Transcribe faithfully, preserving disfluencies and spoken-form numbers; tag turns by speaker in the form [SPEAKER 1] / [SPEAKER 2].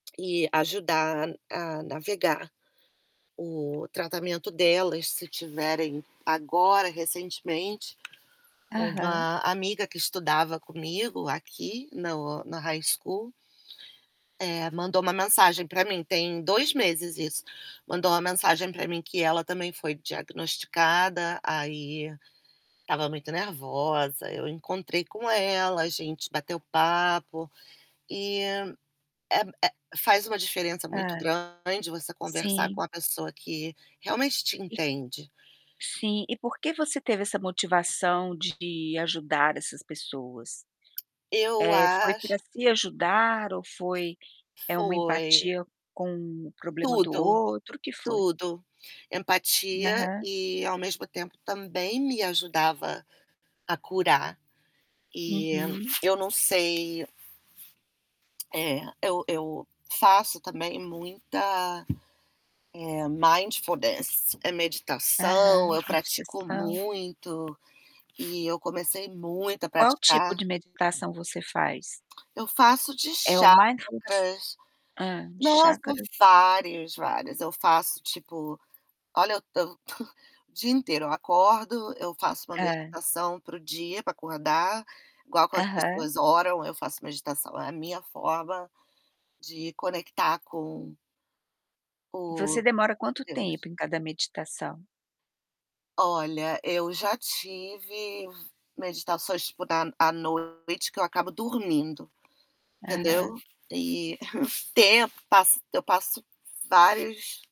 [SPEAKER 1] E ajudar a a navegar o tratamento delas, se tiverem. Agora, recentemente,
[SPEAKER 2] Aham.
[SPEAKER 1] uma amiga que estudava comigo aqui no no High School eh, mandou uma mensagem para mim, tem dois meses isso, mandou uma mensagem pra mim que ela também foi diagnosticada. Aí estava muito nervosa, eu encontrei com ela, a gente bateu papo e é é, faz uma diferença muito
[SPEAKER 2] Hã,
[SPEAKER 1] grande você conversar com
[SPEAKER 2] sim.
[SPEAKER 1] a pessoa que realmente te entende.
[SPEAKER 2] Sim e porque você teve essa motivação de ajudar essas pessoas?
[SPEAKER 1] Eu
[SPEAKER 2] Eh, foi
[SPEAKER 1] acho
[SPEAKER 2] pra se ajudar ou foi é uma
[SPEAKER 1] Foi.
[SPEAKER 2] empatia com o problema do
[SPEAKER 1] Tudo,
[SPEAKER 2] outro, o que foi?
[SPEAKER 1] tudo, empatia
[SPEAKER 2] Aham.
[SPEAKER 1] e ao mesmo tempo, também me ajudava, a curar. E,
[SPEAKER 2] Uhum.
[SPEAKER 1] eu não sei Eh, eu eu faço, também, muita, eh, mindfulness meditação,
[SPEAKER 2] Aham,
[SPEAKER 1] eu pratico
[SPEAKER 2] meditação.
[SPEAKER 1] muito e eu comecei muito a
[SPEAKER 2] Qual tipo
[SPEAKER 1] praticar
[SPEAKER 2] de meditação você faz?
[SPEAKER 1] Eu faço de
[SPEAKER 2] É o mindfulness?
[SPEAKER 1] chakras
[SPEAKER 2] Hã,
[SPEAKER 1] nossa,
[SPEAKER 2] chacras?
[SPEAKER 1] vários, vários! Eu faço, tipo, olha o tanto, o dia inteiro, eu acordo, eu faço uma
[SPEAKER 2] Hã.
[SPEAKER 1] meditação para o dia, pra acordar, igual como as
[SPEAKER 2] Aham.
[SPEAKER 1] pessoas oram, eu faço meditação, a minha forma de conectar com o,
[SPEAKER 2] Você demora quanto
[SPEAKER 1] Deus.
[SPEAKER 2] tempo em cada meditação?
[SPEAKER 1] Olha, eu já tive f meditações tipo da à noite que eu acabo dormindo,
[SPEAKER 2] Aham.
[SPEAKER 1] entendeu? E tempo eu passo eu passo vários